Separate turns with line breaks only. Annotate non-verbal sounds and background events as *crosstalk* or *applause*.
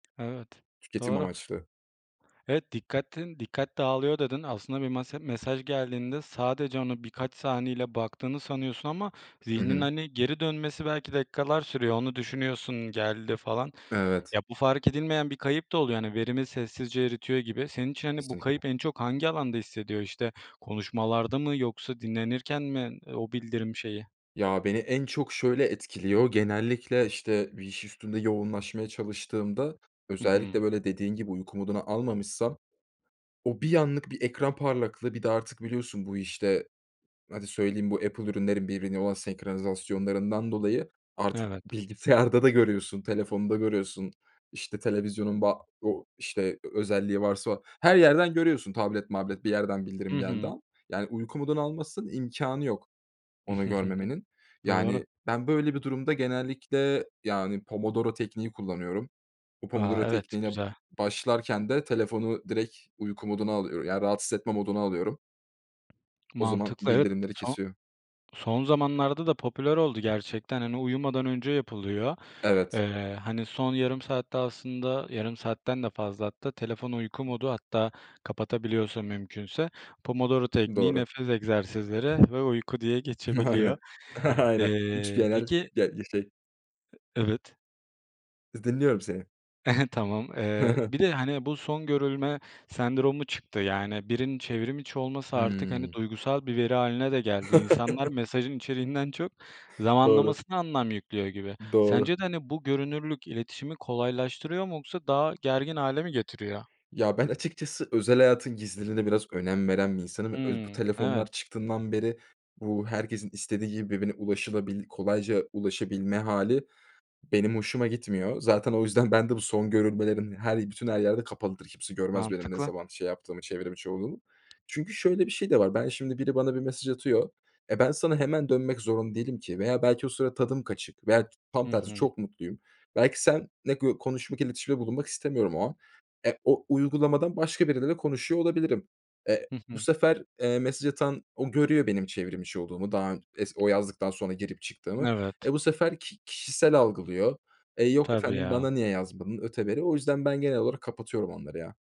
Evet,
Tüketim
doğru.
amaçlı.
Evet, "Dikkatin dikkat dağılıyor" dedin. Aslında bir mase mesaj geldiğinde sadece onu birkaç saniyeliğine baktığını sanıyorsun ama
Hı
zihnin,
hı.
hani, geri dönmesi belki dakikalar sürüyor onu düşünüyorsun, geldi, falan.
Evet.
Ya, bu fark edilmeyen bir kayıp da oluyor. Hani, verimi sessizce eritiyor gibi senin için, hani, bu
Kesinlikle.
kayıp en çok hangi alanda hissediyor, işte, konuşmalarda mı yoksa dinlenirken mi, o bildirim şeyi?
Ya, beni en çok şöyle etkiliyor: Genellikle, işte, bir iş üstünde yoğunlaşmaya çalıştığımda,
Hı hı.
özellikle, böyle, dediğin gibi uyku moduna almamışsam, o bir anlık bir ekran parlaklığı, bir de artık biliyorsun bu, işte hadi söyleyeyim, bu Apple ürünlerinin birbirine olan senkronizasyonlarından dolayı, artık
Evet.
bilgisayarda da görüyorsun, telefonda görüyorsun, işte, televizyonun ba o işte, özelliği varsa her yerden görüyorsun, tablet mablet bir yerden
Hı
bildirim geldiği
hı.
an. Yani uyku moduna almazsan imkânı yok, onu görmemenin.
*chuckles* Doğru.
Yani ben böyle bir durumda genellikle, yani, pomodoro tekniği kullanıyorum. Bu
A!
pomodoro
Evet,
tekniğine
güzel.
başlarken de telefonu direkt uyku moduna alıyor ya, rahatsız etme moduna alıyorum. O zaman
Mantıklı, evet,
bildirimleri
son
kesiyor.
son zamanlarda da popüler oldu gerçekten, hani, uyumadan önce yapılıyor.
Evet.
Eee, hani, son yarım saatte aslında, yarım saatten de fazla hatta telefonu uyku modu, hatta kapatabiliyorsa mümkünse, pomodoro tekniği,
Doğru.
nefes egzersizleri ve uyku diye geçebiliyor.
Aynen. Aynen. 3
Eee,
genel,
peki
ge şey.
E evet.
*unintelligible* Dinliyorum seni.
He he, tamam.
Hı
Eee,
hı.
bir de, hani, bu son görülme sendromu çıktı. Yani, birinin çevrim içi olması artık, hani,
Hıı.
duygusal bir veri hâline de geldi. İnsanlar
*chuckles*
mesajın içeriğinden çok,
Doğru.
zamanlamasına anlam yüklüyor gibi.
Doğru.
Sence de, hani, bu görünürlük iletişimi kolaylaştırıyor mu? Yoksa daha gergin hâle mi getiriyor?
Ya, ben açıkçası özel hayatın gizliliğine biraz önem veren bir insanım öz Bu
Hıı, evet.
telefonlar çıktığından beri, bu herkesin istediği gibi birbirine ulaşılabil kolayca ulaşabilme hâli, benim hoşuma gitmiyor. Zaten o yüzden ben de bu son görülmelerim her bütün her yerde kapalıdır. Kimse görmez, benim ne
Mantıklı.
zaman şey yaptığımı, çevrim içi, olduğumu. Çünkü şöyle bir şey de var. Ben şimdi, biri bana bir mesaj atıyor. E, ben sana hemen dönmek zorunda değilim ki veya belki o sıra tadım kaçık veya ç tam
Hı
tersi
hı.
çok mutluyum. Belki seninle gö konuşmak, iletişimde bulunmak istemiyorum o an. E, o uygulamadan başka biriyle de konuşuyor olabilirim. E
Hı
bu
hı.
sefer, eee, mesaj atan o görüyor benim çevrim içi olduğumu daha ön es o yazdıktan sonra girip çıktığımı.
Evet.
E, bu sefer ki kişisel algılıyor. Eee, yok
Tabii,
efendim,
ya.
"Bana niye yazmadın?" öteberi o yüzden ben genel olarak kapatıyorum onları ya.